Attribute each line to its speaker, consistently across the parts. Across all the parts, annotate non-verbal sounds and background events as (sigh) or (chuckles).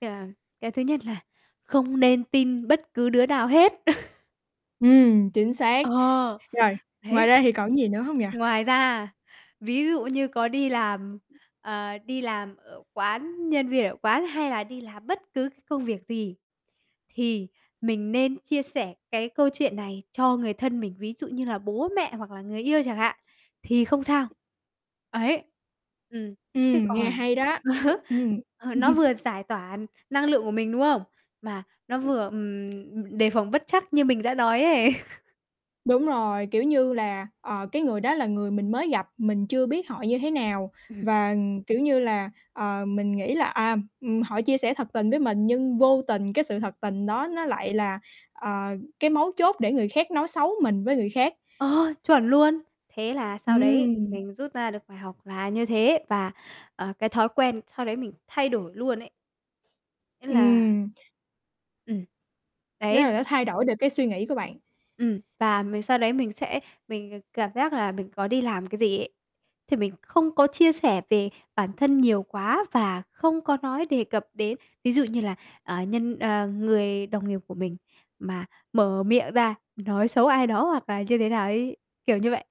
Speaker 1: Ờ, cái thứ nhất là không nên tin bất cứ đứa nào hết! (chuckles)
Speaker 2: Ừm, chính xác.
Speaker 1: Ờ,
Speaker 2: Rồi, ngoài
Speaker 1: đấy.
Speaker 2: ra thì còn gì nữa không nhỉ?
Speaker 1: Ngoài ra, ví dụ như có đi làm, ờ, đi làm ở quán, nhân viên ở quán hay là đi làm bất cứ cái công việc gì, thì mình nên chia sẻ cái câu chuyện này cho người thân mình, ví dụ như là bố mẹ hoặc là người yêu chẳng hạn, thì không sao. Ấy, ừm, chứ
Speaker 2: Ừm, nghe
Speaker 1: còn
Speaker 2: hay đó, ch
Speaker 1: (chuckles)
Speaker 2: ừm.
Speaker 1: ờ, nó
Speaker 2: (chuckles)
Speaker 1: vừa giải tỏa năng lượng của mình, đúng không? Mà nó
Speaker 2: (unintelligible)
Speaker 1: vừa, ừm, đề phòng bất trắc như mình đã nói ấy. (chuckles)
Speaker 2: Đúng rồi, kiểu như là, ờ, cái người đó là người mình mới gặp, mình chưa biết họ như thế nào
Speaker 1: Ừm.
Speaker 2: và, kiểu như là, ờ, mình nghĩ là, ờm, ừm, họ chia sẻ thật tình với mình nhưng vô tình cái sự thật tình đó nó lại là, ờ, cái mấu chốt để người khác nói xấu mình với người khác.
Speaker 1: Ờ, chuẩn luôn! Thế là sau đấy
Speaker 2: Ừm.
Speaker 1: mình rút ra được bài học là như thế và, ờ, cái thói quen sau đấy mình thay đổi luôn ấy. Thế là
Speaker 2: Ừm.
Speaker 1: Ừm.
Speaker 2: Nghĩa
Speaker 1: Đấy v
Speaker 2: là nó thay đổi được cái suy nghĩ của bạn.
Speaker 1: Ừm, và mình sau đấy mình sẽ mình, ờ, cảm giác là mình có đi làm cái gì ấy, thì mình không có chia sẻ về bản thân nhiều quá và không có nói đề cập đến. Ví dụ như là, ờ, nhân ờ, người đồng nghiệp của mình mà mở miệng ra nói xấu ai đó hoặc là như thế nào ấy, kiểu như vậy,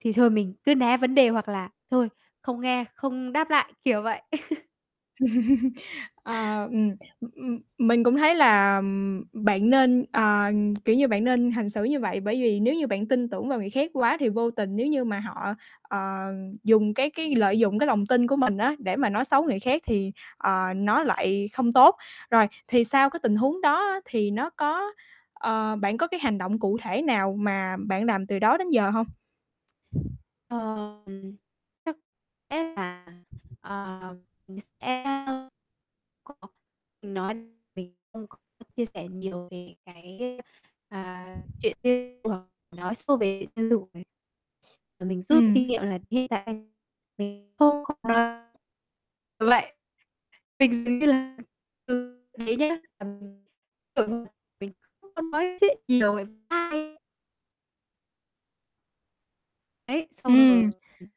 Speaker 1: thì thôi, mình cứ né vấn đề hoặc là thôi, không nghe, không đáp lại, kiểu vậy. (chuckles)
Speaker 2: (chuckles) Ờ, ừm. Ừm, ừm, mình cũng thấy là, ừm, bạn nên, ờ, ừm, kiểu như, bạn nên hành xử như vậy, bởi vì nếu như bạn tin tưởng vào người khác quá thì vô tình nếu như mà họ, ờ, dùng cái cái lợi dụng cái lòng tin của mình á, để mà nói xấu người khác thì, ờ, nó lại không tốt. Rồi, thì sau cái tình huống đó á, thì nó có ờ, bạn có cái hành động cụ thể nào mà bạn làm từ đó đến giờ hông?
Speaker 1: Ờ. Ừm, ừm. Chắc sẽ là, ờ, mình sẽ (unintelligible) nói mình không có chia sẻ nhiều về cái, à, chuyện (unintelligible) nói sâu về (unintelligible) và mình rút
Speaker 2: Ừm.
Speaker 1: kinh nghiệm là (unintelligible) mình không (unintelligible) vậy. Mình nghĩ là, ừ, thế nhé. (unintelligible) Mình không có nói chuyện nhiều (unintelligible) sai. Đấy, xong rồi
Speaker 2: Ừm.
Speaker 1: (unintelligible)